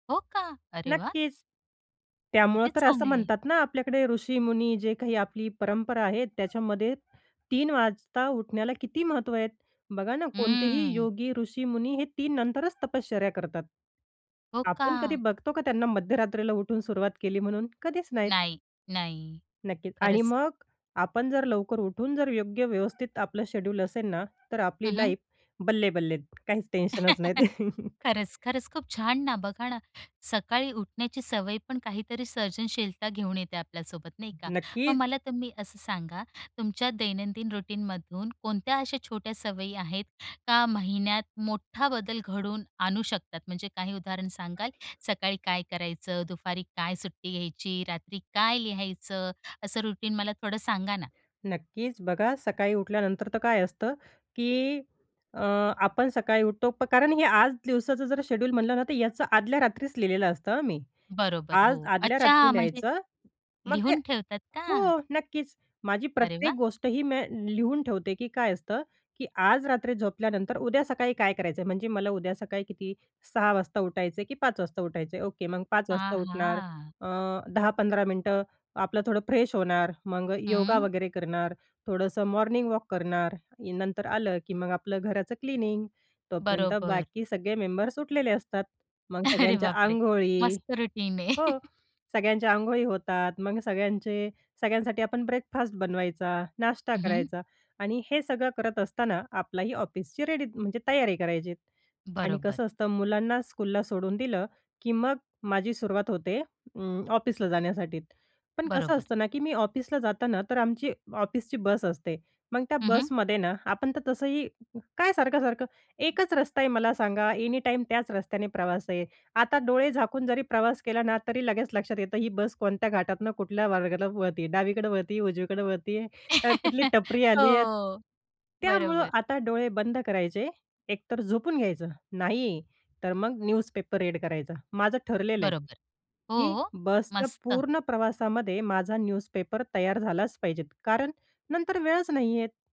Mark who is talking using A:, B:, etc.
A: हो का? अरे वाह!
B: नक्कीच. त्यामुळं
A: किती
B: तर असं
A: चांगले आहे!
B: म्हणतात ना आपल्याकडे ऋषीमुनी जे काही आपली परंपरा आहे, त्याच्यामध्ये 3:00 वाजता उठण्याला किती महत्त्व आहेत. बघा ना कोणतेही
A: हम्म.
B: योगी, ऋषीमुनी हे 3:00 नंतरच तपश्चर्या करतात.
A: हो
B: आपण कधी
A: का?
B: बघतो का त्यांना मध्यरात्रीला उठून सुरुवात केली म्हणून? कधीच नाहीत.
A: नाही. नाही.
B: नक्कीच. आणि
A: खरंच.
B: मग आपण जर लवकर उठून जर योग्य व्यवस्थित आपलं शेड्यूल असेल ना, तर
A: हं,
B: आपली
A: हं.
B: लाईफ बल्ले-बल्ले. काहीच टेन्शनच नाहीत.
A: खरंच, खरंच. खूप छान ना, बघा ना, सकाळी उठण्याची सवय पण काहीतरी सर्जनशीलता घेऊन येते आपल्यासोबत, नाही का? मग
B: नक्कीच.
A: मला तुम्ही असं सांगा, तुमच्या दैनंदिन रुटीनमधून कोणत्या अशा छोट्या सवयी आहेत का महिन्यात मोठा बदल घडवून आणू शकतात? म्हणजे काही उदाहरण सांगाल? सकाळी काय करायचं? दुपारी काय सुट्टी घ्यायची? रात्री काय लिहायचं? असं रुटीन मला थोडं सांगा ना.
B: नक्कीच. बघा सकाळी उठल्यानंतर तर काय असतं की अ, आपण सकाळी उठतो प कारण हे आज दिवसाचं जर शेड्यूल म्हटलं ना, तर याचं आदल्या रात्रीच लिहिलेलं असतं हं मी.
A: बरोबर.
B: आज
A: हो.
B: आदल्या रात्री
A: अच्छा. म्हणजे
B: लिहायचं. मग ते
A: लिहून ठेवतात का?
B: हो, नक्कीच. माझी
A: अरे
B: प्रत्येक
A: वाह!
B: गोष्ट ही मी लिहून ठेवते, की काय असतं की आज रात्री झोपल्यानंतर उद्या सकाळी काय करायचं आहे. म्हणजे मला उद्या सकाळी किती 6:00 वाजता उठायचं आहे की 5:00 वाजता उठायचं आहे? ओके. मग 5:00 वाजता उठणार.
A: आहा!
B: अ, 10-15 मिनिटं आपलं थोडं फ्रेश होणार, मग अ, योगा
A: हं.
B: वगैरे करणार, थोडंसं मॉर्निंग वॉक करणार. इ नंतर आलं की मग आपलं घराचं क्लिनिंग. तोपर्यंत
A: बरोबर.
B: बाकी सगळे मेंबर्स उठलेले असतात. मग
A: अरे
B: सगळ्यांच्या
A: बापरे!
B: अंघोळी
A: मस्त रुटीन आहे.
B: हो, सगळ्यांचे अंघोळी होतात. मग सगळ्यांचे सगळ्यांसाठी आपण ब्रेकफास्ट बनवायचा, नाश्ता
A: हं, हं.
B: करायचा आणि हे सगळं करत असताना आपलाही ऑफिसची रेडी म्हणजे तयारी करायचीत. आणि
A: बरोबर.
B: कसं असतं मुलांना स्कूलला सोडून दिलं की मग माझी सुरुवात होते उम्म, ऑफिसला जाण्यासाठी. पण कसं
A: बरोबर.
B: असतं ना की मी ऑफिसला जातांना तर आमची ऑफिसची बस असते. मग त्या
A: हं, हं.
B: बसमध्ये ना आपण तर तसंही काय सारखं-सारखं एकच रस्ता आहे. मला सांगा एनी टाईम त्याच रस्त्याने प्रवास आहे. आता डोळे झाकून जरी प्रवास केला ना, तरी लगेच लक्षात येतं ही बस कोणत्या घाटातनं कुठल्या मार्गाला वळत आहे. डावीकडं वळत आहे, उजवीकडं वळत आहे. तर कुठली टपरी
A: हो.
B: आली आहे. त्यामुळं
A: बरोबर.
B: आता डोळे बंद करायचे. एकतर झोपून घ्यायचं. नाही, तर मग न्यूजपेपर रीड करायचं. माझं ठरलेलं आहे
A: बरोबर.
B: की
A: हो?
B: बसच्या
A: मस्त!
B: पूर्ण प्रवासामध्ये माझा न्यूजपेपर तयार झालाच पाहिजेत. कारण नंतर वेळच नाहीयेत.